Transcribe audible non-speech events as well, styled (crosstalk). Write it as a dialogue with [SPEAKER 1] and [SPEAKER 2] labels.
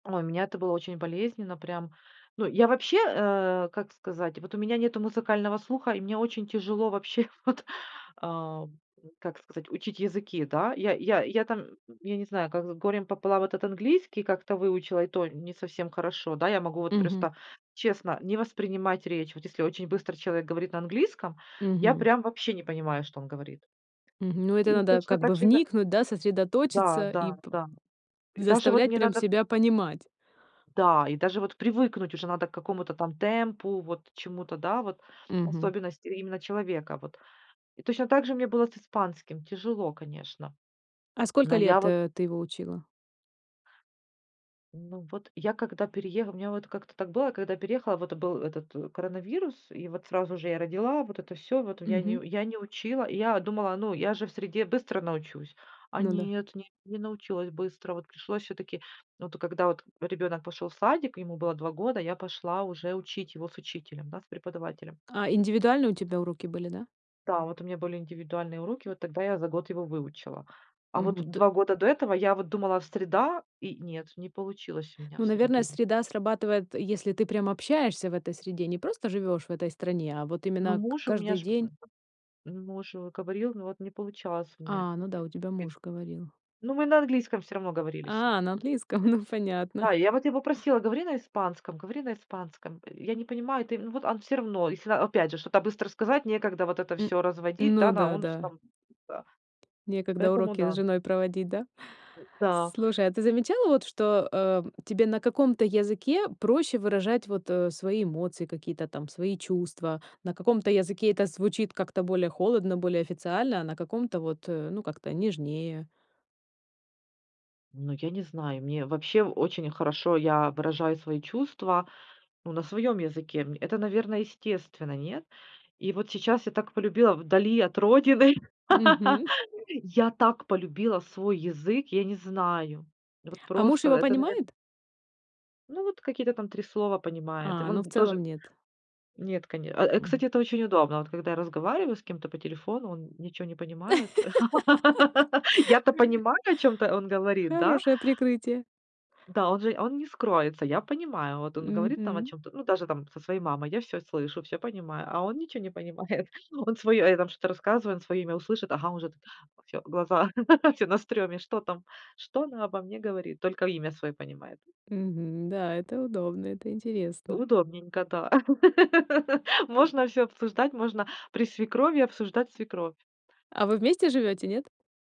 [SPEAKER 1] Ой, у меня это было очень болезненно. Прям, ну, я вообще, э, как сказать, вот у меня нету музыкального слуха, и мне очень тяжело вообще вот, ам, как сказать, учить языки, да. Я я я там, я не знаю, как с горем пополам этот английский как-то выучила, и то не совсем хорошо. Да, я могу вот
[SPEAKER 2] Мгм.
[SPEAKER 1] просто честно не воспринимать речь. Вот если очень быстро человек говорит на английском, я
[SPEAKER 2] Мгм.
[SPEAKER 1] прям вообще не понимаю, что он говорит.
[SPEAKER 2] Мгм. Ну, это
[SPEAKER 1] И
[SPEAKER 2] надо,
[SPEAKER 1] точно
[SPEAKER 2] как бы,
[SPEAKER 1] так же и на
[SPEAKER 2] вникнуть, да,
[SPEAKER 1] Да
[SPEAKER 2] сосредоточиться и
[SPEAKER 1] да
[SPEAKER 2] п
[SPEAKER 1] да. И даже вот
[SPEAKER 2] заставлять
[SPEAKER 1] мне
[SPEAKER 2] прям
[SPEAKER 1] надо
[SPEAKER 2] себя понимать.
[SPEAKER 1] Да, и даже вот привыкнуть уже надо к какому-то там темпу, вот чему-то, да, вот
[SPEAKER 2] Мгм.
[SPEAKER 1] особенности именно человека. Вот, и точно так же мне было с испанским. Тяжело, конечно.
[SPEAKER 2] А
[SPEAKER 1] Но
[SPEAKER 2] сколько
[SPEAKER 1] я
[SPEAKER 2] лет,
[SPEAKER 1] вот
[SPEAKER 2] э, ты его учила?
[SPEAKER 1] Ну, вот я когда перееха у меня вот как-то так было, когда переехала, вот был этот коронавирус, и вот сразу же я родила, вот это всё, вот я не
[SPEAKER 2] Мгм.
[SPEAKER 1] я не учила. Я думала: "Ну, я же в среде быстро научусь". А
[SPEAKER 2] Ну да.
[SPEAKER 1] нет, не не научилась быстро. Вот пришлось всё-таки, от когда от ребёнок пошел в садик, ему было 2 года, я пошла уже учить его с учителем, да, с преподавателем.
[SPEAKER 2] А индивидуальные у тебя уроки были, да?
[SPEAKER 1] Да, вот у меня были индивидуальные уроки, вот тогда я за год его выучила. А вот
[SPEAKER 2] Мгм, т
[SPEAKER 1] 2 года до этого я вот думала: "Среда". И нет, не получилось у меня в
[SPEAKER 2] Ну, наверное,
[SPEAKER 1] среде.
[SPEAKER 2] среда срабатывает, если ты прям общаешься в этой среде. Не просто живёшь в этой стране, а вот
[SPEAKER 1] Ну,
[SPEAKER 2] именно
[SPEAKER 1] муж у меня
[SPEAKER 2] каждый
[SPEAKER 1] ж,
[SPEAKER 2] день.
[SPEAKER 1] муж говорил, но вот не получалось у меня.
[SPEAKER 2] А, ну да,
[SPEAKER 1] Нет,
[SPEAKER 2] у тебя
[SPEAKER 1] ест
[SPEAKER 2] муж говорил.
[SPEAKER 1] Ну, мы на английском всё равно говорили с ним.
[SPEAKER 2] А, на английском, ну, понятно.
[SPEAKER 1] Да, и я вот его просила: "Говори на испанском, говори на испанском". Я не понимаю ты, но вот он всё равно, если, а, опять же, что-то быстро сказать, некогда вот это
[SPEAKER 2] М.
[SPEAKER 1] всё разводить, да,
[SPEAKER 2] Ну
[SPEAKER 1] на
[SPEAKER 2] да,
[SPEAKER 1] он с
[SPEAKER 2] да.
[SPEAKER 1] там, да
[SPEAKER 2] Некогда
[SPEAKER 1] Поэтому
[SPEAKER 2] уроки с
[SPEAKER 1] да.
[SPEAKER 2] женой проводить, да?
[SPEAKER 1] М-да.
[SPEAKER 2] Слушай, а ты замечала вот, что, э, тебе на каком-то языке проще выражать, вот, э, свои эмоции, какие-то там свои чувства? На каком-то языке это звучит как-то более холодно, более официально, а на каком-то, вот, э, ну, как-то нежнее.
[SPEAKER 1] Ну, я не знаю, мне вообще очень хорошо, я выражаю свои чувства, ну, на своем языке. М, это, наверно, естественно, нет? И вот сейчас я так полюбила вдали от родины,
[SPEAKER 2] Мгм.
[SPEAKER 1] (laughs) я так полюбила свой язык, я не знаю. Вот
[SPEAKER 2] А муж
[SPEAKER 1] просто,
[SPEAKER 2] его
[SPEAKER 1] это, наверно
[SPEAKER 2] понимает?
[SPEAKER 1] Ну, вот какие-то там 3 слова понимает. И
[SPEAKER 2] А, ну, в
[SPEAKER 1] вон тоже
[SPEAKER 2] целом нет.
[SPEAKER 1] Нет, коне э, э, кстати,
[SPEAKER 2] Мгм.
[SPEAKER 1] это очень удобно: вот когда я разговариваю с кем-то по телефону, он ничего не понимает. (laughs) Я-то
[SPEAKER 2] (laughs)
[SPEAKER 1] понимаю, о чём-то он говорит, да?
[SPEAKER 2] Хорошее прикрытие.
[SPEAKER 1] Да, он же он не скроется, я понимаю. Вот он говорит там о
[SPEAKER 2] Мгм.
[SPEAKER 1] чём-то, ну, даже там со своей мамой, я всё слышу, всё понимаю, а он ничего не понимает. Он своё, э, там что-то рассказывает, он своё имя услышит, ага, он уже всё, глаза, (laughs) всё на стрёме: "Что там? Что она обо мне говорит?" Только имя своё понимает.
[SPEAKER 2] Мгм. Да, это удобно, это интересно.
[SPEAKER 1] Удобненько, да. (laughs)
[SPEAKER 2] М.
[SPEAKER 1] Можно всё обсуждать, можно при свекрови обсуждать свекровь.
[SPEAKER 2] А вы вместе живете, нет?